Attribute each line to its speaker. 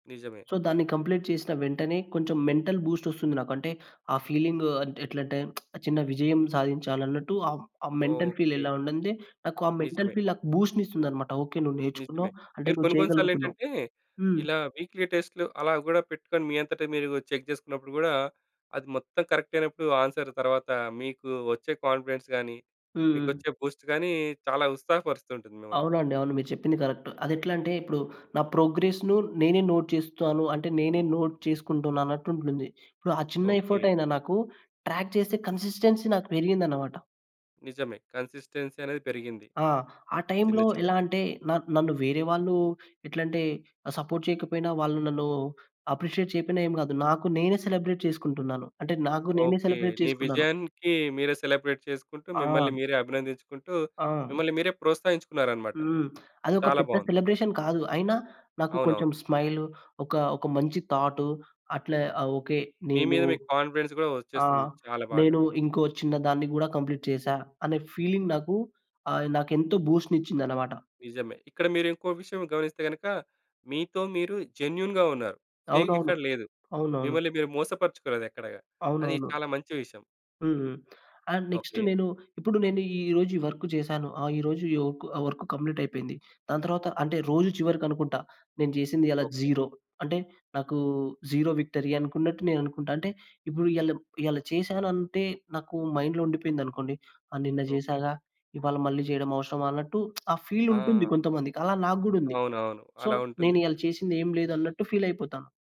Speaker 1: నిజమే.
Speaker 2: సో దాన్ని కంప్లీట్ చేసిన వెంటనే కొంచెం మెంటల్ బూస్ట్ వస్తుంది నాకు. అంటే ఆ ఫీలింగ్ అంట్ ఎట్లంటే చిన్న విజయం సాధించాలన్నట్టు. ఆ, ఆ మెంటల్ ఫీల్
Speaker 1: ఓకే.
Speaker 2: ఎలా ఉండదే. నాకు ఆ మెంటల్
Speaker 1: నిజమే.
Speaker 2: ఫీల్ నాకు బూస్ట్‌ నిస్తుందన్నమాట. ఓకే. నువ్వు
Speaker 1: నిజమే.
Speaker 2: నేర్చుకున్నావు. అంటే
Speaker 1: మీరు
Speaker 2: నువ్వు
Speaker 1: కొన్ని, కొన్ని సార్లు
Speaker 2: చేయగలుగుతున్నావు.
Speaker 1: ఏంటంటే
Speaker 2: హ్మ్.
Speaker 1: ఇలా వీక్లీ టెస్ట్‌లు అలా కూడా పెట్టుకొని మీ అంతట మీరు చెక్ చేసుకున్నప్పుడు కూడా అది మొత్తం కరెక్ట్ అయినప్పుడు ఆన్సర్ తరువాత మీకు వచ్చే కాన్ఫిడెన్స్ గాని,
Speaker 2: హుహు.
Speaker 1: మీకొచ్చే బూస్ట్ గాని చాలా ఉత్సాహపరుస్తూతుంటుంది మిమ్మల్ని.
Speaker 2: అవునండి. అవును. మీరు చెప్పింది కరెక్ట్. అదేట్లాంటే ఇప్పుడు నా ప్రోగ్రెస్‌ను నేనే నోట్ చేస్తాను. అంటే నేనే నోట్ చేసుకుంటున్నానన్నట్టు ఉంటుంది. ఇప్పుడు ఆ చిన్న ఎఫర్ట్
Speaker 1: ఓకే.
Speaker 2: అయినా నాకు ట్రాక్ చేస్తే కన్సిస్టెన్సీ నాకు పెరిగిందన్నమాట.
Speaker 1: నిజమే. కన్సిస్టెన్సీ అనేది పెరిగింది.
Speaker 2: ఆ! ఆ
Speaker 1: చిన్న,
Speaker 2: టైమ్‌లో
Speaker 1: చిన్న.
Speaker 2: ఎలా అంటే న నన్ను వేరే వాళ్ళు ఎట్లాలంటే సపోర్ట్ చేయకపోయినా వాళ్ళు నన్ను అప్రిషియేట్ చేయపోయినా ఏం కాదు. నాకు నేనే సెలబ్రేట్ చేసుకుంటున్నాను. అంటే నాకు నేనే
Speaker 1: ఓకే.
Speaker 2: సెలబ్రేట్
Speaker 1: నీ
Speaker 2: చేసుకున్నాను.
Speaker 1: విజయానికి మీరే సెలబ్రేట్ చేసుకుంటూ,
Speaker 2: ఆ!
Speaker 1: మిమ్మల్ని మీరే అభినందించుకుంటూ,
Speaker 2: ఆ!
Speaker 1: మిమ్మల్ని మీరే ప్రోత్సహించుకున్నారన్నమాట.
Speaker 2: హ్మ్. అదోక
Speaker 1: చాలా
Speaker 2: పెద్ద
Speaker 1: బావుంది.
Speaker 2: సెలబ్రేషన్ కాదు. అయినా నాకు
Speaker 1: అవునవును.
Speaker 2: కొంచెం స్మైల్. ఒక, ఒక మంచి థాట్. అట్లా ఆ! ఓకే.
Speaker 1: మీ
Speaker 2: నేను
Speaker 1: మీద మీకు కాన్ఫిడెన్స్ కూడా
Speaker 2: ఆ!
Speaker 1: వచ్చేస్తుంది. చాలా బాగా.
Speaker 2: నేను ఇంకో చిన్న దాన్ని కూడా కంప్లీట్ చేశా అనే ఫీలింగ్ నాకు ఆహ్, నాకు ఎంతో బూస్ట్‌ నిచ్చిందన్నమాట.
Speaker 1: నిజమే. ఇక్కడ మీరు ఇంకో విషయం గమనిస్తే గనక మీతో మీరు జెన్యూన్‌గా ఉన్నారు. ఫేక్
Speaker 2: అవునవును.
Speaker 1: ఎక్కడ లేదు.
Speaker 2: అవునవును.
Speaker 1: మిమ్మల్ని మీరు మోసపరుచుకోలేదు ఎక్కడగా. అది
Speaker 2: అవునవును.
Speaker 1: చాలా మంచి విషయం.
Speaker 2: హ్మ్. And next
Speaker 1: okay.
Speaker 2: నేను ఇప్పుడు నేను ఈరోజు ఈ వర్క్ చేశాను. ఆ! ఈరోజు ఒక్ వర్క్ కంప్లీట్ అయిపోయింది. దాని తరువాత అంటే రోజు చివరికనుకుంటా నేను చేసింది ఇయాళ
Speaker 1: ఓకే.
Speaker 2: 0 అంటే నాకు 0 విక్టరీ అనుకున్నట్టు నేను అనుకుంటా. అంటే ఇప్పుడు ఇయళ, ఇయళ చేశాను అంటే నాకు మైండ్‌లో ఉండిపోయిందనుకోండి. ఆ! నిన్న
Speaker 1: ఓకే.
Speaker 2: చేసాగా. ఇవాళ మళ్ళీ చేయడం అవసరమా అన్నట్టు ఆ ఫీల్ ఉంటుంది
Speaker 1: ఆ!
Speaker 2: కొంతమందికి. అలా నాకు కూడా ఉంది.
Speaker 1: అవునవును.
Speaker 2: సో
Speaker 1: అలా
Speaker 2: నేను
Speaker 1: ఉంటుంది.
Speaker 2: ఇయాళ చేసింది ఏంలేదంన్నట్టు ఫీల్ అయిపోతా.